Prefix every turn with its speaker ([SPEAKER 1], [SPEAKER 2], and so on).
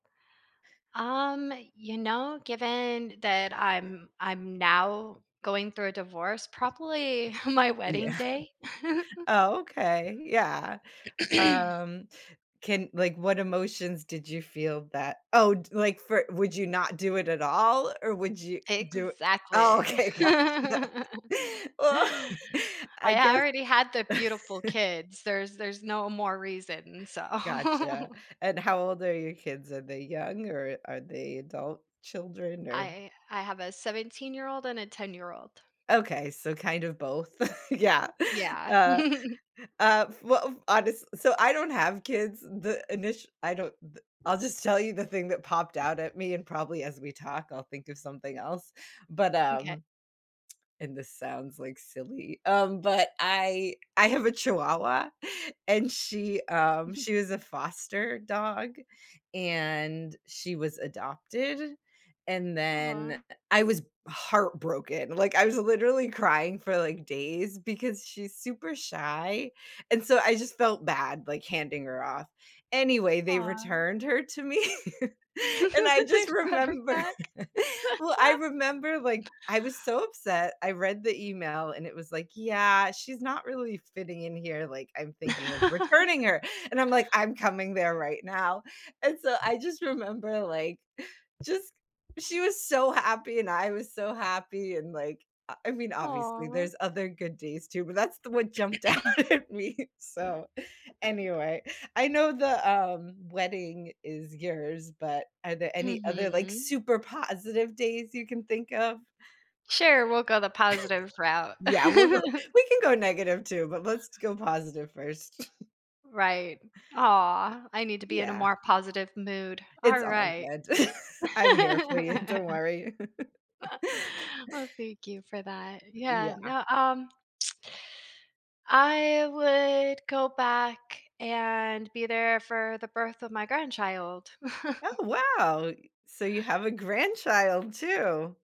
[SPEAKER 1] Um, you know, given that I'm I'm now going through a divorce, probably my wedding
[SPEAKER 2] Yeah.
[SPEAKER 1] day?
[SPEAKER 2] Oh, okay. Yeah, u um, can like, what emotions did you feel that Oh d like, for would you not do it at all, or would you do oh
[SPEAKER 1] Exactly.
[SPEAKER 2] okay, gotcha. Well, I
[SPEAKER 1] I
[SPEAKER 2] guess
[SPEAKER 1] already had the beautiful kids, there's there's no more reason, so.
[SPEAKER 2] Gotcha. And how old are your kids? Are they young, or are they adult-children? Or
[SPEAKER 1] I I have a seventeen-year-old and a ten-year-old.
[SPEAKER 2] Okay, so kind of both, yeah,
[SPEAKER 1] Yeah.
[SPEAKER 2] uh, uh, f well, uh, honest s so I don't have kids. The init I don't the I'll just tell you the thing that popped out at me, and probably as we talk, I'll think of something else, but,
[SPEAKER 1] M'kay.
[SPEAKER 2] um and this sounds, like, silly, um, but I I have a chihuahua, and she, um, she was a foster dog, and she was adopted, and then,
[SPEAKER 1] Aw.
[SPEAKER 2] eh, I was heartbroken, like, I was literally crying for, like, days because she's super shy, and so I just felt bad, like, handing her off. Anyway, they
[SPEAKER 1] Aw.
[SPEAKER 2] returned her to me, and I
[SPEAKER 1] They
[SPEAKER 2] just
[SPEAKER 1] brought her
[SPEAKER 2] remember
[SPEAKER 1] back.
[SPEAKER 2] well, I remember, like, I was so upset, I read the email, and it was like, "Yeah, she's not really fitting in here, like, I'm thinking of returning her," and I'm like, "I'm coming there right now," and so I just remember, like, just she was so happy, and I was so happy, and, like, I I mean, obviously,
[SPEAKER 1] Aw.
[SPEAKER 2] there's other good days too, but that's the one jumped out at me, so, anyway, I know the, um, wedding is yours, but are there any other, like,
[SPEAKER 1] Mhm.
[SPEAKER 2] super positive days you can think of?
[SPEAKER 1] Sure, we'll go the positive route.
[SPEAKER 2] Yeah, we'll go we can go negative too, but let's go positive first.
[SPEAKER 1] Right. Aw. I need to be in a
[SPEAKER 2] Yeah.
[SPEAKER 1] more positive mood,
[SPEAKER 2] It's all
[SPEAKER 1] alright.
[SPEAKER 2] good. I'm here for you. Don't worry.
[SPEAKER 1] Well, thank you for that. Yeah,
[SPEAKER 2] Yeah.
[SPEAKER 1] no, um I would go back and be there for the birth of my grandchild.
[SPEAKER 2] Oh, wow, y so you have a grandchild too!